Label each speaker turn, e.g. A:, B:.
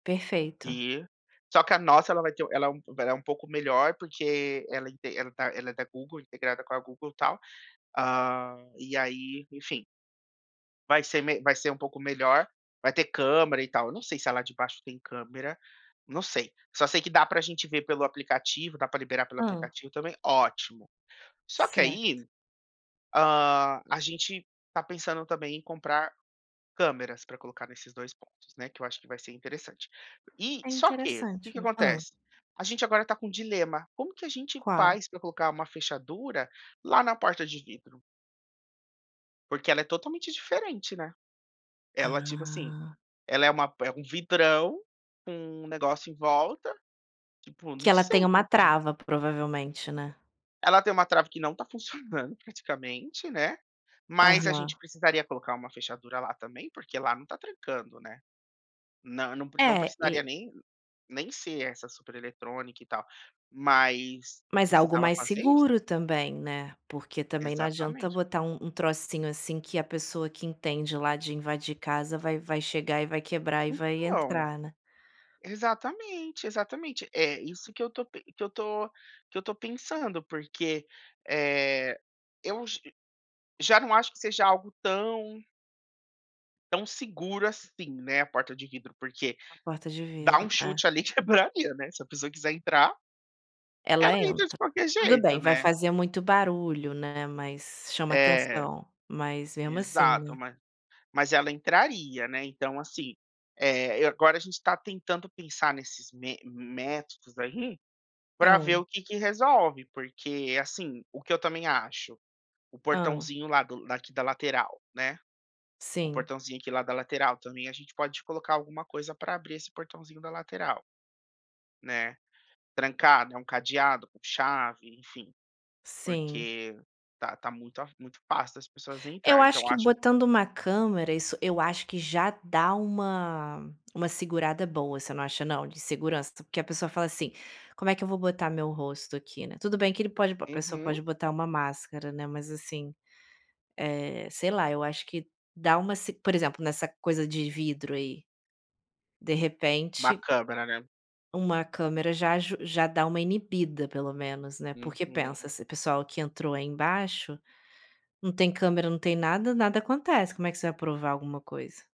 A: Perfeito.
B: E, só que a nossa, ela vai ter ela é um pouco ela é um pouco melhor, porque ela ente ela tá ela é da Google, integrada com a Google e tal. Hã, e aí, enfim vai ser me vai ser um pouco melhor. Vai ter câmera e tal. Eu não sei se a de lá de baixo tem câmera. Não sei. Só sei que dá pra gente ver pelo aplicativo, dá pra liberar pelo
A: Hã.
B: aplicativo também. Ótimo. Só que
A: Certo.
B: aí, hã, a gente tá pensando também em comprar câmeras pra colocar nesses 2 pontos, né, que eu acho que vai ser interessante. E
A: É
B: só que que que
A: interessante, não é? Hã.
B: acontece? A gente agora tá com um dilema: como que a gente
A: Qual?
B: faz pra colocar uma fechadura lá na porta de vidro? Porque ela é totalmente diferente, né. Ela, tipo assim,
A: Ah.
B: ela é uma por é um vidrão, com um negócio em volta, tipo,
A: Que
B: não
A: ela tem
B: sei
A: uma
B: como que a gen
A: trava provavelmente, né?
B: Ela tem uma trava que não tá funcionando, praticamente, né, mas a gente
A: Aham.
B: precisaria colocar uma fechadura lá também, porque lá não tá trancando, né. Não, nã não
A: É,
B: precisaria
A: e
B: nem nem ser essa supereletrônica e tal, mas
A: Mas algo
B: precisava
A: mais
B: fazer isso.
A: seguro também, né. Porque também não adianta
B: Exatamente.
A: botar um um trocinho assim que a pessoa que entende lá de invadir casa vai vai chegar e vai quebrar e vai
B: Então,
A: entrar, né?
B: exatamente, exatamente. É isso que eu tô pen que eu tô que eu tô pensando, porque, eh, eu j já não acho que seja algo tão tão seguro, assim, né, a porta de vidro, porque,
A: Uma porta de
B: dá
A: vidro,
B: um chute
A: é.
B: ali: quebradeira, né. Se a pessoa quiser entrar,
A: Ela
B: ela entra de
A: entra.
B: qualquer
A: Tudo
B: jeito,
A: bem, vai
B: né?
A: fazer muito barulho, né, mas chama
B: É.
A: atenção. Mas mesmo assim,
B: Exato.
A: né?
B: Ma mas ela entraria, né. Então, assim, eh, agora a gente tá tentando pensar nesses me métodos aí pra ver
A: Hã.
B: o que que resolve. Porque, assim, o que eu também acho; o
A: Hã.
B: portãozinho lá do daqui da lateral, né, o
A: Sim.
B: portãozinho aqui, lá da lateral, também a gente pode colocar alguma coisa pra abrir esse portãozinho da lateral né. Trancado, um cadeado, com chave, enfim.
A: Sim.
B: Porque tá tá muito a muito fácil das pessoas
A: Eu
B: entrarem.
A: acho
B: Então
A: que
B: acho
A: botando uma câmera, isso eu acho que já dá uma uma segurada boa. Você não acha, não? De segurança? Porque a pessoa fala assim: “Como é que eu vou botar meu rosto aqui, né?” Tudo bem que ele pode b a pessoa
B: Uhum.
A: pode botar uma máscara, né, mas, assim, eh, sei lá. Eu acho que dá uma s por exemplo, nessa coisa de vidro aí, de
B: Uma
A: repente
B: câmera, né?
A: uma câmera já aju já dá uma inibida, pelo menos, né. Porque pensa,
B: Uhum.
A: esse pessoal que entrou aí embaixo, não tem câmera, não tem nada, nada acontece. Como é que você vai provar alguma coisa?